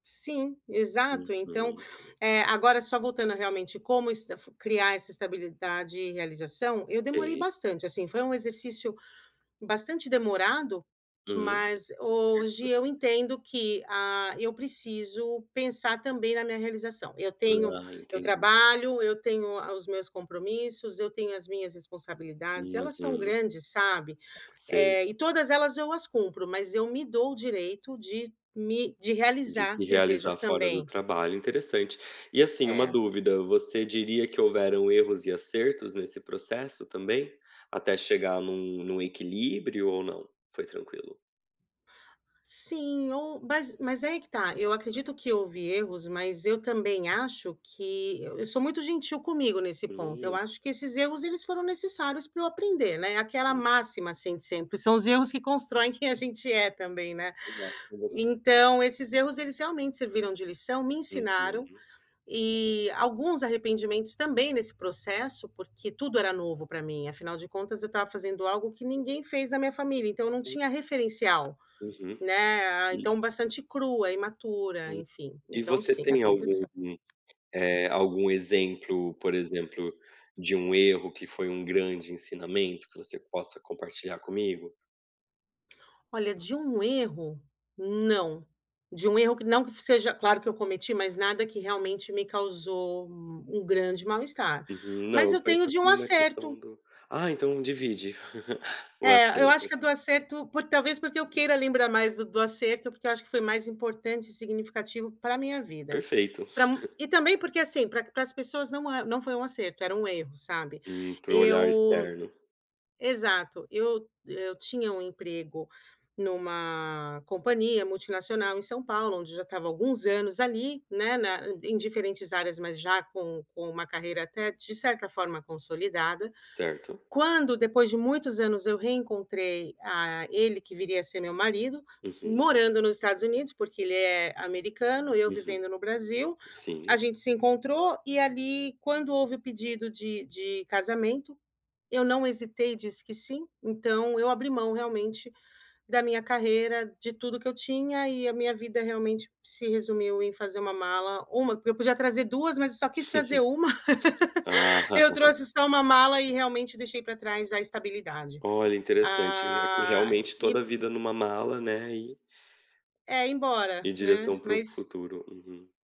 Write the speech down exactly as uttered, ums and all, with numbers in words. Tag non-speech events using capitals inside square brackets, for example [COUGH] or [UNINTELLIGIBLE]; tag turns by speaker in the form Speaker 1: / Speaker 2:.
Speaker 1: Sim, exato, então,
Speaker 2: Uhum.
Speaker 1: eh, agora só voltando realmente como estaf criar essa estabilidade e realização, eu demorei
Speaker 2: Ei.
Speaker 1: bastante assim, foi um exercício bastante demorado,
Speaker 2: Hum
Speaker 1: mas hoje
Speaker 2: [UNINTELLIGIBLE]
Speaker 1: eu entendo que, ah, eu preciso pensar também na minha realização. Eu tenho,
Speaker 2: Ah,
Speaker 1: eu
Speaker 2: entendi.
Speaker 1: trabalho, eu tenho os meus compromissos, eu tenho as minhas responsabilidades, elas são
Speaker 2: Uhum.
Speaker 1: grandes, sabe?
Speaker 2: Sei.
Speaker 1: Eh e todas elas eu as cumpro, mas eu me dou o direito de me de
Speaker 2: De se
Speaker 1: realizar
Speaker 2: realizar
Speaker 1: desejos
Speaker 2: fora do
Speaker 1: também.
Speaker 2: trabalho, interessante. E assim, uma
Speaker 1: É.
Speaker 2: dúvida, você diria que houveram erros e acertos nesse processo também? Até chegar em um em um equilíbrio ou não? Foi tranquilo?
Speaker 1: Sim, ou mas mas aí que tá, eu acredito que houve erros, mas eu também acho que eu sou muito gentil comigo nesse ponto, eu
Speaker 2: Hum.
Speaker 1: acho que esses erros eles foram necessários pra eu aprender, né, aquela
Speaker 2: Hum.
Speaker 1: assim de sempre, são os erros que constroem quem a gente é também não é?
Speaker 2: [UNINTELLIGIBLE]
Speaker 1: Então esses erros eles realmente serviram de lição, me ensinaram,
Speaker 2: Uhum.
Speaker 1: e alguns arrependimentos também nesse processo, porque tudo era novo para mim, afinal de contas eu estava fazendo algo que ninguém fez na minha família, então eu não
Speaker 2: Hum.
Speaker 1: tinha referencial,
Speaker 2: Uhum
Speaker 1: né,
Speaker 2: e
Speaker 1: então bastante crua, imatura, enfim,
Speaker 2: e
Speaker 1: então
Speaker 2: você
Speaker 1: sim,
Speaker 2: tem algum,
Speaker 1: aconteceu.
Speaker 2: algum exemplo, por exemplo, de um erro que foi um grande ensinamento que você possa compartilhar comigo?
Speaker 1: Olha de um erro, não, de um erro que não que seja claro que eu cometi, mas nada que realmente me causou um grande mal-estar,
Speaker 2: Uhum, não,
Speaker 1: mas eu
Speaker 2: eu
Speaker 1: tenho
Speaker 2: penso
Speaker 1: de um
Speaker 2: assim na questão
Speaker 1: acerto.
Speaker 2: do Ah, então divide [LAUGHS] o
Speaker 1: É, eu acho
Speaker 2: acerto.
Speaker 1: que é do acerto por talvez porque eu queira lembrar mais do do acerto, porque eu acho que foi mais importante e significativo para minha vida.
Speaker 2: Perfeito.
Speaker 1: Para
Speaker 2: [CHUCKLES]
Speaker 1: e também, porque assim, pra pra as pessoas não não foi um acerto, era um erro, sabe?
Speaker 2: Hum, para o olhar
Speaker 1: Eu
Speaker 2: externo.
Speaker 1: exato, eu eu tinha um emprego em uma companhia multinacional em São Paulo, onde eu já estava alguns anos ali, né, na em diferentes áreas mas já com com um carreira até de certa forma consolidada,
Speaker 2: Certo.
Speaker 1: quando depois de muitos anos eu reencontrei a ele que viria a ser meu marido,
Speaker 2: Uhum.
Speaker 1: morando no Estados Unidos, porque ele é americano, eu
Speaker 2: Uhum,
Speaker 1: vivendo no Brasil, a
Speaker 2: sim.
Speaker 1: gente se encontrou, e ali quando houve pedido de de casamento, eu não hesitei, disse que sim, então eu abri mão realmente da minha carreira, de tudo que eu tinha e a minha vida realmente se resumiu em fazer uma mala, uma, eu podia trazer duas mas só quis trazer uma,
Speaker 2: Ah.
Speaker 1: [LAUGHS] eu trouxe só uma mala e realmente deixei para trás a estabilidade.
Speaker 2: Olha interessante, é que
Speaker 1: Ah
Speaker 2: realmente toda
Speaker 1: e
Speaker 2: a vida em uma mala, né, e
Speaker 1: é embora,
Speaker 2: em
Speaker 1: né,
Speaker 2: direção para o
Speaker 1: mas
Speaker 2: futuro.